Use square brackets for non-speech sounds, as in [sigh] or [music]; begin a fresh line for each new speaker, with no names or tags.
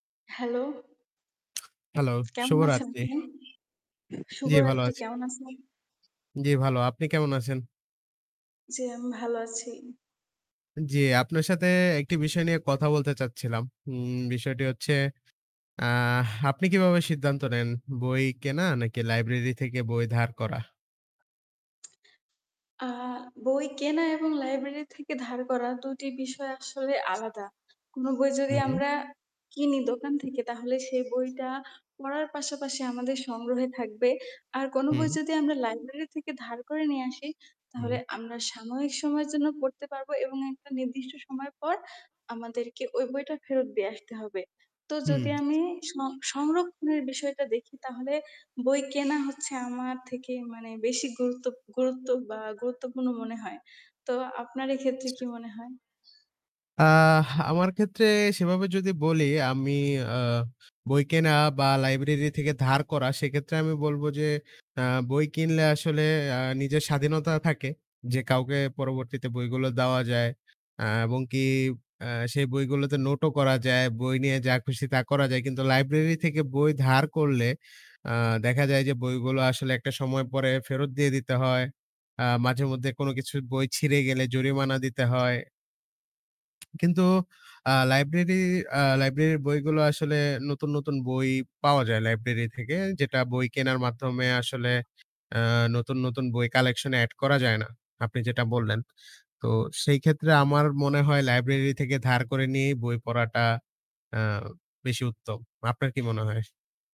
Hello.
Hello,
কেমন আছেন
শুভরাত্রি।
আপনি?
জী ভালো
শুভরাত্রি,
আছি।
কেমন আছেন?
জী ভালো। আপনি কেমন আছেন?
জী আমি ভালো আছি।
জ্বী, আপনার সাথে একটি বিষয় নিয়ে কথা বলতে চাচ্ছিলাম। উম বিষয়টি হচ্ছে, আ আপনি কিভাবে সিদ্ধান্ত নেন? বই কেনা নাকি লাইব্রেরি থেকে বই ধার করা?
আ বই কেনা এবং লাইব্রেরি থেকে ধার করা দুটি বিষয় আসলে আলাদা। কোনো বই
হু,
যদি
হুম।
আমরা কিনি দোকান থেকে তাহলে সেই বইটা পড়ার পাশাপাশি আমাদের সংগ্রহে থাকবে, আর কোনো বই
হুম।
যদি আমরা লাইব্রেরি থেকে ধার করে নিয়ে আসি তাহলে
হুউই।
আমরা সাময়িক সময়ের জন্য পড়তে পারবো এবং একটা নির্দিষ্ট সময় পর আমাদেরকে ওই বইটা ফেরত দিয়ে আসতে হবে। তো যদি
হুম।
আমি স -সংরক্ষণের বিষয়টা দেখি তাহলে বই কেনা হচ্ছে আমার থেকে মানে বেশি গুরুত্ব গুরুত্ব বা গুরুত্বপূর্ণ মনে হয়. তো আপনার এই ক্ষেত্রে কি
[unintelligible]
মনে হয়?
আ আমার ক্ষেত্রে সেভাবে যদি বলি আমি আ বই কেনা বা লাইব্রেরি থেকে ধার করা সেক্ষেত্রে আমি বলব যে, আ বই কিনলে আসলে আ নিজের স্বাধীনতা থাকে। যে কাউকে পরবর্তীতে বইগুলো দেওয়া যায়। আ এবং কি আ সেই বইগুলোতে নোটও করা যায়, বই নিয়ে যা খুশি তা করা যায়। কিন্তু লাইব্রেরি থেকে বই ধার করলে, আ দেখা যায় যে বইগুলো আসলে একটা সময় পরে ফেরত দিয়ে দিতে হয়। আ মাঝে মধ্যে কোন কিছু বই ছিঁড়ে গেলে জরিমানা দিতে হয়। কিন্তু আ লাইব্রেরি আ লাইব্রেরির বইগুলো আসলে নতুন, নতুন বই পাওয়া যায় লাইব্রেরি থেকে যেটা বই কেনার মাধ্যমে আসলে আ নতুন, নতুন বই কালেকশনে এড করা যায় না। আপনি যেটা বললেন। তো সেই ক্ষেত্রে আমার মনে হয় লাইব্রেরি থেকে ধার করে নিয়েই বই পড়াটা আ বেশি উত্তম। আপনার কি মনে হয়?